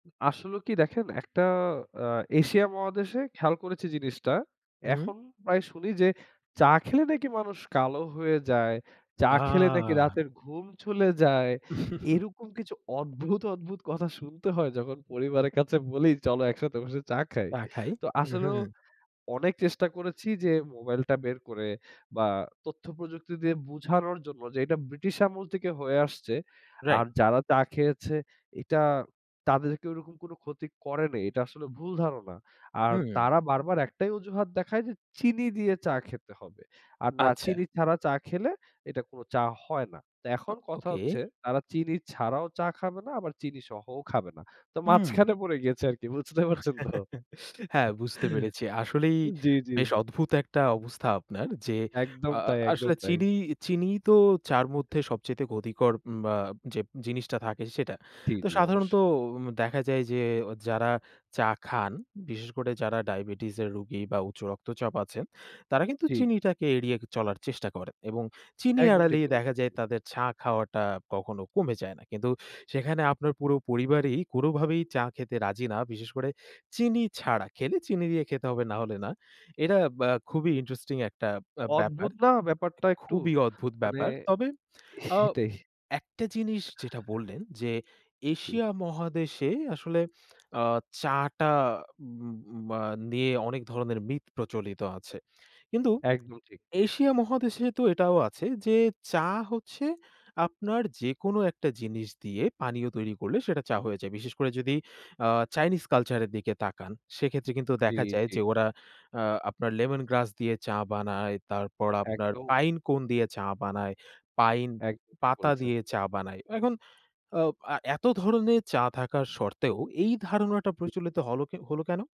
আসলেও কি দেখেন একটা আ এশিয়া মহাদেশে খেয়াল করেছি জিনিসটা। হুম। এখন প্রায় শুনি যে চা খেলে নাকি মানুষ কালো হয়ে যায়। চা খেলে নাকি আ রাতের ঘুম চলে যায়। এরকম কিছু অদ্ভুত, অদ্ভুত কথা শুনতে হয় যখন পরিবারের কাছে বলি, "চল একসাথে বসে চা খাই।" চা খাই। তো উ আসলেও হুম। অনেক চেষ্টা করেছি যে মোবাইলটা বের করে বা তথ্য প্রযুক্তি দিয়ে বোঝানোর জন্য যে এটা ব্রিটিশ আমল থেকে হয়ে আসছে। আর রাইট। যারা চা খেয়েছে এটা তাদেরকে ওরকম কোনো ক্ষতি করেনি। এটা আসলেও ভুল ধারণা। আর হুম। তারা বারবার ১ টাই অজুহাত দেখায় যে চিনি দিয়ে চা খেতে হবে। আর না আচ্ছা। চিনি ছাড়া চা খেলে এটা কোনো চা হয় না। তা ও এখন কথা ওকে। হচ্ছে তারা চিনি ছাড়াও চা খাবে না আবার চিনি সহও খাবে না। তো হুম। মাঝখানে পড়ে গেছে আরকি বুঝতে পারছেন তো? হ্যাঁ, বুঝতে পেরেছি। আসলেই জি, জি। বেশ অদ্ভুত একটা অবস্থা আপনার যে একদম আ আ তাই, একদম আসলে তাই। চিনি চিনিই তো চা'র মধ্যে সবচাইতে ক্ষতিকর বা যে জিনিসটা থাকে সেটা। জি, তো জি সাধারণত অবশ্যই। দেখা যায় যে যারা চা খান, বিশেষ করে যারা ডায়াবেটিসের রোগী বা উচ্চ রক্তচাপ আছে। তারা কিন্তু ঠিক। চিনিটাকে এড়িয়ে চলার চেষ্টা করে। এবং চিনি একদম ঠিক এড়ালেই বলেছেন। দেখা যায় তাদের চা খাওয়াটা কখনো কমে যায় না। কিন্তু সেখানে আপনার পুরো পরিবারই কোনোভাবেই চা খেতে রাজি না। বিশেষ করে চিনি ছাড়া খেলে চিনি দিয়ে খেতে হবে নাহলে না। এটা ব্য খুবই ইন্টারেস্টিং একটা আ ব্যাপার। অদ্ভুত না এ ব্যাপারটা একটু খুবই অদ্ভুত মানে ব্যাপার। তবে আ সেটাই। একটা জিনিস যেটা বললেন যে জি। এশিয়া মহাদেশে আসলে আ চা'টা ম্মা নিয়ে অনেক ধরনের মিথ প্রচলিত আছে। কিন্তু একদম ঠিক। এশিয়া মহাদেশে তো এটাও আছে যে চা হচ্ছে আপনার যেকোনো একটা জিনিস দিয়ে পানীয় তৈরি করলে সেটা চা হয়ে যায়। বিশেষ করে যদি আ চাইনিজ কালচার এর দিকে তাকান, সেক্ষেত্রে কিন্তু জি, দেখা যায় জি। যে ওরা আ আপনার লেমন গ্রাস দিয়ে চা বানায়। তারপর আপনার একদম। পাইন কোন দিয়ে চা বানায়। পাইন একদম ঠিক পাতা বলেছেন। দিয়ে চা বানায়। এখন এ আ এত ধরনের চা থাকা শর্তেও এই ধারণাটা প্রচলিত হলও হল কেনো?